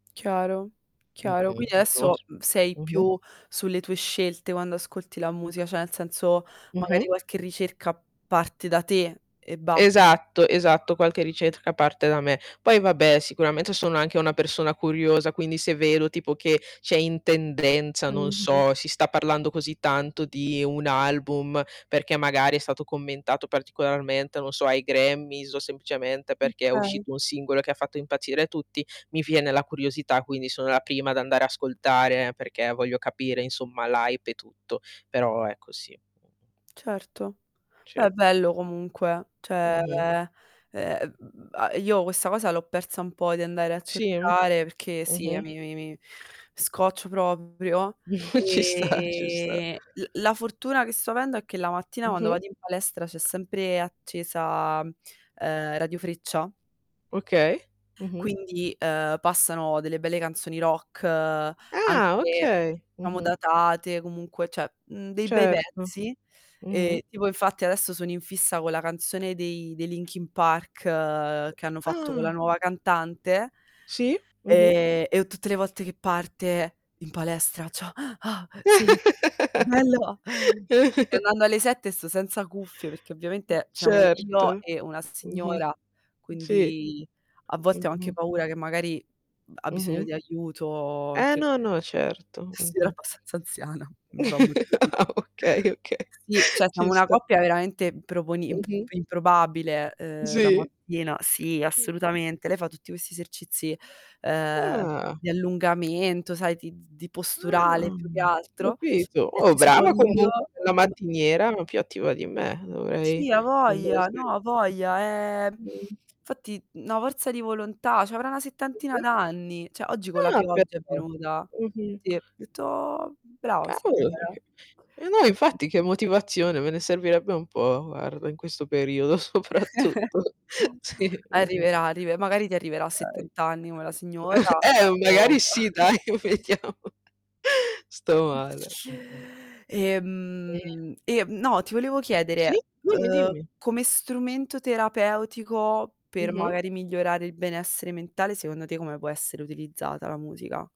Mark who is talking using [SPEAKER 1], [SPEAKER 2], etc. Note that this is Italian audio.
[SPEAKER 1] Chiaro, chiaro.
[SPEAKER 2] Mh-mh.
[SPEAKER 1] Quindi adesso
[SPEAKER 2] [unintelligible]
[SPEAKER 1] sei
[SPEAKER 2] Mh-mh.
[SPEAKER 1] più sulle tue scelte quando ascolti la musica, cioè nel senso, magari
[SPEAKER 2] Mh-mh.
[SPEAKER 1] qualche ricerca parte da te e basta.
[SPEAKER 2] Esatto, esatto, qualche ricerca parte da me. Poi vabbè, sicuramente sono anche una persona curiosa, quindi se vedo tipo che c'è in tendenza non
[SPEAKER 1] Mh-mh.
[SPEAKER 2] so, si sta parlando così tanto di un album, perché magari è stato commentato particolarmente, non so, ai Grammy's o semplicemente perché è
[SPEAKER 1] Okay.
[SPEAKER 2] uscito un singolo che ha fatto impazzire tutti, mi viene la curiosità, quindi sono la prima ad andare a ascoltare, perché voglio capire insomma l' hype e tutto. Però ecco sì. Mh.
[SPEAKER 1] Certo,
[SPEAKER 2] Sì.
[SPEAKER 1] beh, bello comunque, cioè
[SPEAKER 2] Mh-mh.
[SPEAKER 1] ehm m m m io questa cosa l'ho persa un po', di andare a
[SPEAKER 2] Sì e m
[SPEAKER 1] cercare, perché sì eh
[SPEAKER 2] mh-mh.
[SPEAKER 1] mi mi mi scoccio proprio,
[SPEAKER 2] Ci sta, ci sta.
[SPEAKER 1] e l la la fortuna che sto avendo è che la mattina quando
[SPEAKER 2] Mh-mh.
[SPEAKER 1] vado in palestra, c'è sempre accesa, ehm, Radio Freccia
[SPEAKER 2] Okay. Mh-mh.
[SPEAKER 1] quindi, ehm, passano delle belle canzoni rock,
[SPEAKER 2] Ah,
[SPEAKER 1] anche
[SPEAKER 2] okay.
[SPEAKER 1] diciamo
[SPEAKER 2] Mh-mh.
[SPEAKER 1] datate, comunque cioè, mhmm, dei bei
[SPEAKER 2] Certo.
[SPEAKER 1] pezzi,
[SPEAKER 2] Mh-mh.
[SPEAKER 1] e tipo infatti adesso sono in fissa con la canzone dei dei Linkin Park, che hanno fatto con la
[SPEAKER 2] Ah.
[SPEAKER 1] nuova cantante.
[SPEAKER 2] Sì. Mh-mh.
[SPEAKER 1] Ehm e ho tutte le volte che parte in palestra, cioè sì, bello. Andando alle 7 sto senza cuffie, perché
[SPEAKER 2] Mh,
[SPEAKER 1] ovviamente, siamo io
[SPEAKER 2] certo.
[SPEAKER 1] e una
[SPEAKER 2] Mh-mh.
[SPEAKER 1] signora,
[SPEAKER 2] Sì.
[SPEAKER 1] quindi a volte ho anche
[SPEAKER 2] Mh-mh.
[SPEAKER 1] paura che magari, mh, ha bisogno
[SPEAKER 2] Mh-mh.
[SPEAKER 1] di aiuto,
[SPEAKER 2] Eh,
[SPEAKER 1] che
[SPEAKER 2] no, no, certo.
[SPEAKER 1] è sì è
[SPEAKER 2] Mh-mh.
[SPEAKER 1] abbastanza anziana, mi fa molto ridere.
[SPEAKER 2] Ah, okay okay.
[SPEAKER 1] Sì, cioè siamo
[SPEAKER 2] Ci
[SPEAKER 1] una
[SPEAKER 2] sta.
[SPEAKER 1] coppia veramente improponi imp
[SPEAKER 2] Mh-mh.
[SPEAKER 1] improbabile, uhm, la
[SPEAKER 2] Sì.
[SPEAKER 1] mattina, sì
[SPEAKER 2] [unintelligible]
[SPEAKER 1] assolutamente. Lei fa tutti questi esercizi, ehm,
[SPEAKER 2] Ah.
[SPEAKER 1] di allungamento, sai di di posturale
[SPEAKER 2] Ah,
[SPEAKER 1] più che altro,
[SPEAKER 2] capito.
[SPEAKER 1] e
[SPEAKER 2] Oh,
[SPEAKER 1] ci sono
[SPEAKER 2] brava
[SPEAKER 1] io
[SPEAKER 2] comunque, bella
[SPEAKER 1] m
[SPEAKER 2] mattiniera, più attiva di me. Dovrei.
[SPEAKER 1] Sì,
[SPEAKER 2] Andare a
[SPEAKER 1] avoglia. No,
[SPEAKER 2] sve
[SPEAKER 1] avoglia. Eh,
[SPEAKER 2] mh.
[SPEAKER 1] 'nfatti na' forza di volontà, c'avrà una settantina
[SPEAKER 2] Mh-mh.
[SPEAKER 1] d'anni. Cioè oggi con la
[SPEAKER 2] Ah,
[SPEAKER 1] pioggia è
[SPEAKER 2] però.
[SPEAKER 1] venuta.
[SPEAKER 2] Mh-mh.
[SPEAKER 1] Sì, ho detto: "Brava
[SPEAKER 2] Cavolo.
[SPEAKER 1] signora"
[SPEAKER 2] [unintelligible] Eh no,
[SPEAKER 1] [unintelligible]
[SPEAKER 2] infatti, che motivazione, me ne servirebbe un po' guarda, in questo periodo soprattutto. Sì. Mh-mh.
[SPEAKER 1] Arriverà, arive magari ti arriverà a
[SPEAKER 2] Dai.
[SPEAKER 1] 70 anni, come la signora
[SPEAKER 2] Eh,
[SPEAKER 1] o
[SPEAKER 2] magari sì dai, vediamo, sto male. Mh-mh.
[SPEAKER 1] E,
[SPEAKER 2] Sì.
[SPEAKER 1] mhmm, ehm, no, ti volevo
[SPEAKER 2] Sì,
[SPEAKER 1] chiedere,
[SPEAKER 2] dimmi,
[SPEAKER 1] uhm,
[SPEAKER 2] dimmi.
[SPEAKER 1] come strumento terapeutico, per
[SPEAKER 2] Mh-mh.
[SPEAKER 1] magari migliorare il benessere mentale, secondo te come può essere utilizzata la musica?